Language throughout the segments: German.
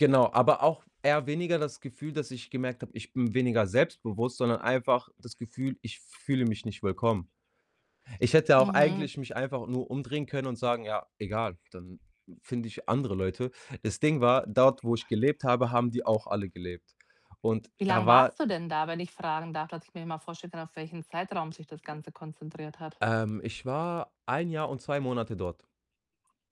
Genau, aber auch eher weniger das Gefühl, dass ich gemerkt habe, ich bin weniger selbstbewusst, sondern einfach das Gefühl, ich fühle mich nicht willkommen. Ich hätte auch Mhm. eigentlich mich einfach nur umdrehen können und sagen: „Ja, egal, dann finde ich andere Leute.“ Das Ding war, dort, wo ich gelebt habe, haben die auch alle gelebt. Und Wie da lang war warst du denn da, wenn ich fragen darf, dass ich mir mal vorstellen kann, auf welchen Zeitraum sich das Ganze konzentriert hat? Ähm, ich war 1 Jahr und 2 Monate dort.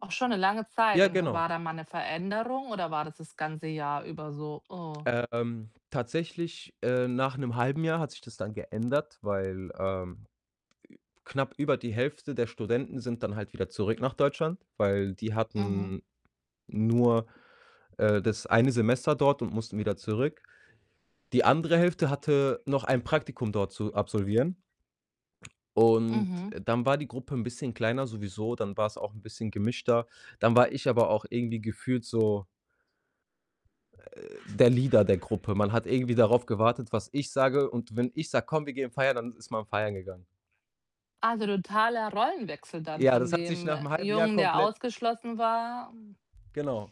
Auch schon eine lange Zeit. Ja, Und genau. war da mal 'ne Veränderung oder war das das ganze Jahr über so: „Oh" Ähm, tatsächlich, äh nach 'nem 1/2 Jahr hat sich das dann geändert, weil, ähm, knapp über die Hälfte der Studenten sind dann halt wieder zurück nach Deutschland, weil die Mhm. hatten nur, äh, das eine Semester dort und mussten wieder zurück. Die andere Hälfte hatte noch ein Praktikum dort zu absolvieren und Mhm. dann war die Gruppe 'n bisschen kleiner sowieso, dann war's auch 'n bisschen gemischter. Dann war ich aber auch irgendwie gefühlt so äh, der Leader der Gruppe. Man hat irgendwie darauf gewartet, was ich sage und wenn ich sage: „Komm, wir gehen feiern“, dann ist man feiern gegangen. Also, totaler Rollenwechsel dann Ja, von das hat sich dem nach 'nem halben Jahr Jungen, der komplett ausgeschlossen war, hm Genau.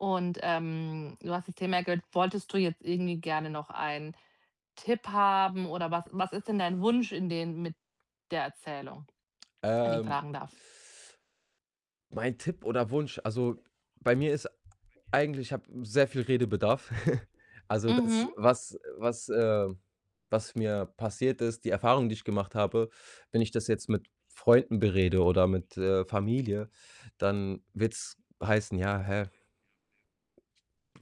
Und, ähm, du hast das Thema gehört, wolltest du jetzt irgendwie gerne noch einen Tipp haben oder was was ist denn dein Wunsch in den mit der Erzählung, wenn ich Ähm, fragen darf? mein Tipp oder Wunsch also, bei mir ist eigentlich ich habe sehr viel Redebedarf. Also, das, Mhm. was was äh was mir passiert ist, die Erfahrung, die ich gemacht habe, wenn ich das jetzt mit Freunden berede oder mit, äh, Familie, dann wird's heißen: „Ja, hä"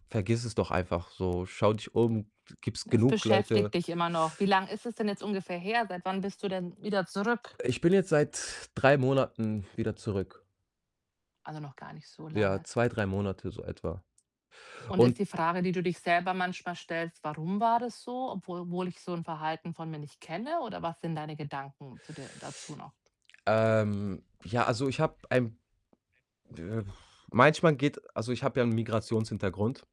„vergiss es doch einfach so. Schau dich um, de gibt's Es genug beschäftigt Leute“ dich immer noch. Wie lang ist es denn jetzt ungefähr her? Seit wann bist du denn wieder zurück? Ich bin jetzt seit 3 Monaten wieder zurück. Also, noch gar nicht so Ja, lange. 2, 3 Monate, so etwa Und ist und die Frage, die du dich selber manchmal stellst: „Warum war das so? Obwohl wohl ich so 'n Verhalten von mir nicht kenne“, oder was sind deine Gedanken zu der dazu noch? Ähm, ja, also, ich habe ein äh, manchmal geht also, ich habe ja 'n Migrationshintergrund.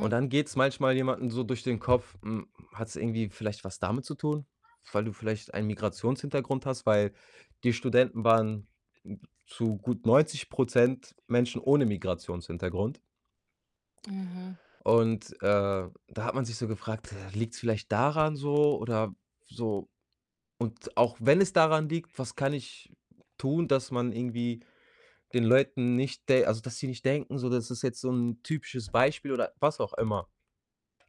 Und dann geht's manchmal jemandem so durch den Kopf: „Hm, hat's irgendwie vielleicht was damit zu tun, weil du vielleicht einen Migrationshintergrund hast?“ Weil die Studenten waren n zu gut 90 % Menschen ohne Migrationshintergrund. Mhm. Und, äh, da hat man sich so gefragt: „Äh, liegt's vielleicht daran so oder so und auch wenn es daran liegt, was kann ich tun, dass man irgendwie den Leuten nicht de also, dass sie nicht denken so, das ist jetzt so 'n typisches Beispiel“ oder was auch immer.